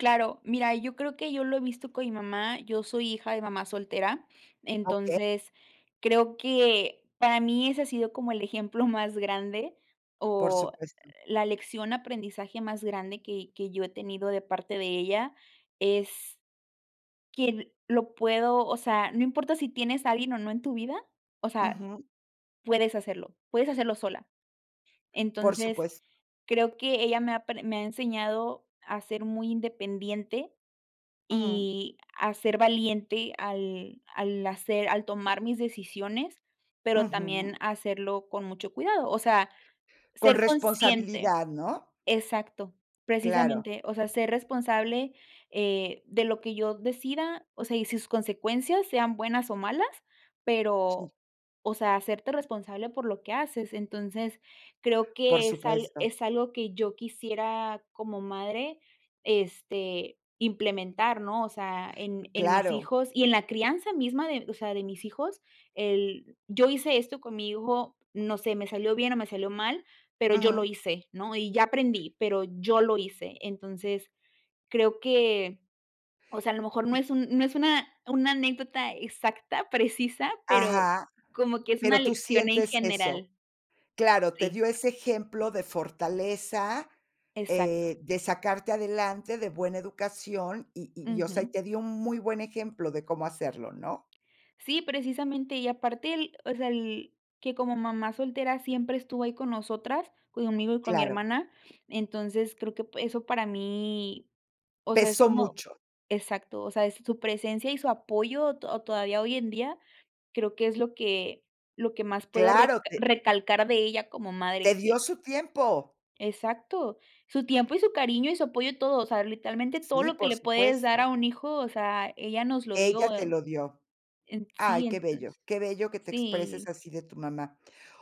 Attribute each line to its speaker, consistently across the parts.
Speaker 1: Claro, mira, yo creo que yo lo he visto con mi mamá. Yo soy hija de mamá soltera,
Speaker 2: Okey.
Speaker 1: entonces, creo que para mí ese ha sido como el ejemplo más grande
Speaker 2: Por
Speaker 1: o
Speaker 2: supuesto.
Speaker 1: la lección aprendizaje más grande que que yo he tenido de parte de ella, es que lo puedo o sea, no importa si tienes a alguien o no en tu vida, o sea,
Speaker 2: Ujú.
Speaker 1: puedes hacerlo, puedes hacerlo sola.
Speaker 2: Por
Speaker 1: Entonces,
Speaker 2: supuesto.
Speaker 1: creo que ella me ha pre me ha enseñado a ser muy independiente
Speaker 2: Ujú.
Speaker 1: y a ser valiente al al hacer al tomar mis decisiones, pero también
Speaker 2: Ujú.
Speaker 1: hacerlo con mucho cuidado, o sea,
Speaker 2: Con
Speaker 1: ser consciente.
Speaker 2: responsabilidad, ¿no?
Speaker 1: Exacto,
Speaker 2: Claro.
Speaker 1: precisamente, o sea, ser responsable eh, de lo que yo decida, o sea, y sus consecuencias, sean buenas o malas,
Speaker 2: Si.
Speaker 1: pero, o sea, hacerte responsable por lo que haces. Entonces creo
Speaker 2: Por
Speaker 1: que es al
Speaker 2: supuesto.
Speaker 1: es algo que yo quisiera como madre, este, implementar, ¿no?, o sea, en en mis
Speaker 2: Claro.
Speaker 1: hijos y en la crianza misma de, o sea, de mis hijos. El: “Yo hice esto con mi hijo, no sé, me salió bien o me salió mal, pero yo lo
Speaker 2: Ujú.
Speaker 1: hice, ¿no?, y ya aprendí, pero yo lo hice". Entonces creo que, o sea, a lo mejor no es un no es una una anécdota exacta, precisa, pero
Speaker 2: Ajá.
Speaker 1: como que es una
Speaker 2: Pero tú
Speaker 1: lección en
Speaker 2: sientes eso.
Speaker 1: general.
Speaker 2: Claro, te
Speaker 1: Sí.
Speaker 2: dio ese ejemplo de fortaleza,
Speaker 1: Exacto.
Speaker 2: eh, de sacarte adelante, de buena educación y y y o sea, y
Speaker 1: Ujú.
Speaker 2: te dio un muy buen ejemplo de cómo hacerlo, ¿no?
Speaker 1: Si, precisamente, y aparte el o sea el, que como mamá soltera siempre estuvo ahí con nosotras, conmigo y con mi
Speaker 2: Claro.
Speaker 1: hermana, entonces creo que pu eso para mí, o sea, es
Speaker 2: Pesó
Speaker 1: como
Speaker 2: mucho.
Speaker 1: exacto, o sea, es su presencia y su apoyo to o todavía hoy en día, creo que es lo que lo que más puedo reca
Speaker 2: Claro, te
Speaker 1: recalcar de ella como
Speaker 2: te
Speaker 1: madre, que
Speaker 2: dio su tiempo.
Speaker 1: Exacto, su tiempo y su cariño, y su apoyo, todo, o sea, literalmente todo
Speaker 2: Sí,
Speaker 1: lo que
Speaker 2: por
Speaker 1: le puedes dar
Speaker 2: supuesto.
Speaker 1: a un hijo, o sea, ella nos lo
Speaker 2: Ella
Speaker 1: dio,
Speaker 2: te
Speaker 1: eh,
Speaker 2: lo dio.
Speaker 1: en
Speaker 2: Ay,
Speaker 1: sí,
Speaker 2: qué bello,
Speaker 1: entonces
Speaker 2: qué bello que te expreses
Speaker 1: sí.
Speaker 2: así de tu mamá.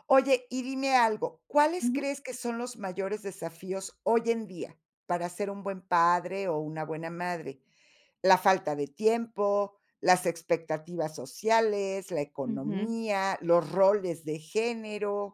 Speaker 2: Oye, y dime algo, ¿cuáles
Speaker 1: Ujú.
Speaker 2: crees que son los mayores desafíos hoy en día para ser un buen padre o una buena madre, la falta de tiempo, las expectativas sociales, la
Speaker 1: Ujú.
Speaker 2: economía, los roles de género?